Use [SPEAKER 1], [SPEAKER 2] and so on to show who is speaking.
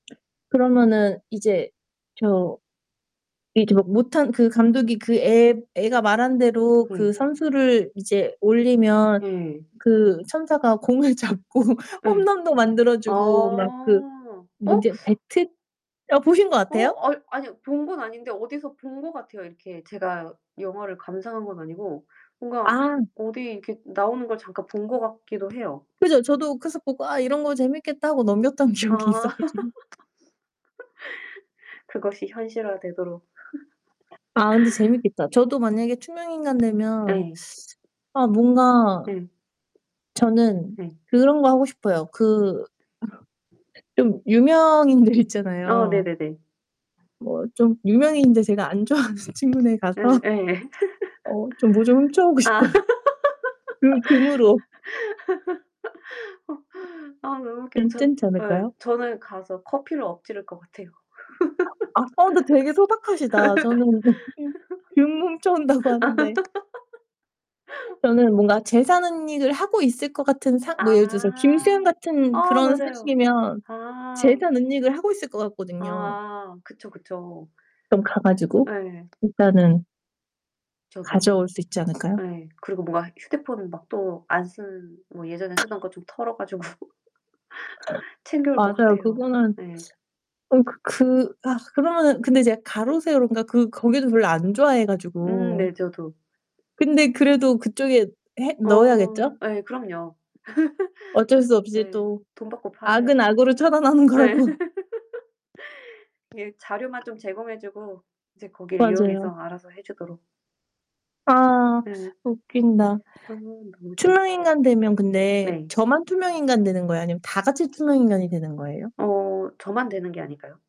[SPEAKER 1] 그러면은 이제 저 이제 막 못한 그 감독이 그 애 애가 말한 대로 그
[SPEAKER 2] 네.
[SPEAKER 1] 선수를 이제 올리면
[SPEAKER 2] 예.
[SPEAKER 1] 그 천사가 공을 잡고
[SPEAKER 2] 예.
[SPEAKER 1] 홈런도
[SPEAKER 2] 아
[SPEAKER 1] 만들어주고 막 그
[SPEAKER 2] 어?
[SPEAKER 1] 뭐
[SPEAKER 2] 어.
[SPEAKER 1] 인제 배트 어 보신 것
[SPEAKER 2] 어
[SPEAKER 1] 같아요?
[SPEAKER 2] 아이 아니 본 건 아닌데 어디서 본 것 같아요. 이렇게 제가 영화를 감상한 건 아니고 뭔가
[SPEAKER 1] 아.
[SPEAKER 2] 어디 이렇게 나오는 걸 잠깐 본 것 같기도 해요.
[SPEAKER 1] 그죠, 저도 그래서 보고 '아 이런 거 재밌겠다.' 하고 넘겼던
[SPEAKER 2] 아
[SPEAKER 1] 기억이 있어 가지고.
[SPEAKER 2] 그것이 현실화 되도록.
[SPEAKER 1] 아 근데 재밌겠다. 저도 만약에 투명인간 되면
[SPEAKER 2] 예.
[SPEAKER 1] 아 뭔가
[SPEAKER 2] 예.
[SPEAKER 1] 저는
[SPEAKER 2] 네.
[SPEAKER 1] 그런 거 하고 싶어요. 그 좀 유명인들
[SPEAKER 2] 아
[SPEAKER 1] 있잖아요.
[SPEAKER 2] 네네네.
[SPEAKER 1] 뭐 좀 유명인인데 제가 안 좋아하는 친구네 가서
[SPEAKER 2] 예예.
[SPEAKER 1] 어 좀 뭐 좀 훔쳐오고
[SPEAKER 2] 아
[SPEAKER 1] 싶어요. 금 금으로.
[SPEAKER 2] 어 어 너무 웃겨요. 전
[SPEAKER 1] 괜찮지
[SPEAKER 2] 예.
[SPEAKER 1] 않을까요?
[SPEAKER 2] 저는 가서 커피를 엎지를 것 같아요.
[SPEAKER 1] 아빠도 되게 소박하시다. 저는 금 훔쳐 온다고 하는데. 저는 뭔가 재산 은닉을 하고 있을 것 같은 상 뭐 예를 들어서 김수현
[SPEAKER 2] 아.
[SPEAKER 1] 같은
[SPEAKER 2] 아
[SPEAKER 1] 그런
[SPEAKER 2] 맞아요.
[SPEAKER 1] 소식이면
[SPEAKER 2] 아.
[SPEAKER 1] 재산 은닉을 하고 있을 것 같거든요.
[SPEAKER 2] 아 그쵸, 그쵸.
[SPEAKER 1] 좀 가 가지고
[SPEAKER 2] 예.
[SPEAKER 1] 일단은
[SPEAKER 2] 저도.
[SPEAKER 1] 가져올 수 있지 않을까요?
[SPEAKER 2] 예. 그리고 뭔가 휴대폰 막 또 안 쓰는 뭐 예전에 쓰던 거 좀 털어 가지고 챙겨올 것
[SPEAKER 1] 맞아요.
[SPEAKER 2] 같아요.
[SPEAKER 1] 그거는
[SPEAKER 2] 네.
[SPEAKER 1] 어 그 그 아 그러면은 근데 제가 가로세로인가 그 거기도 별로 안 좋아해
[SPEAKER 2] 음
[SPEAKER 1] 가지고
[SPEAKER 2] 네, 저도.
[SPEAKER 1] 근데 그래도 그쪽에 해
[SPEAKER 2] 어
[SPEAKER 1] 넣어야겠죠?
[SPEAKER 2] 예, 그럼요.
[SPEAKER 1] 어쩔 수 없이
[SPEAKER 2] 예
[SPEAKER 1] 또
[SPEAKER 2] 돈 받고 팔아야죠.
[SPEAKER 1] 악은 악으로 처단하는
[SPEAKER 2] 예.
[SPEAKER 1] 거라고.
[SPEAKER 2] 이 자료만 좀 제공해 주고 이제 거기를 이용해서
[SPEAKER 1] 맞아요.
[SPEAKER 2] 알아서 해 주도록
[SPEAKER 1] 아
[SPEAKER 2] 예.
[SPEAKER 1] 웃긴다.
[SPEAKER 2] 아 너무 재밌다.
[SPEAKER 1] 투명인간 되면 근데
[SPEAKER 2] 네.
[SPEAKER 1] 저만 투명인간이 되는 거예요? 아니면 다 같이 투명인간이 되는 거예요?
[SPEAKER 2] 음. 어 저만 되는 게 아닐까요?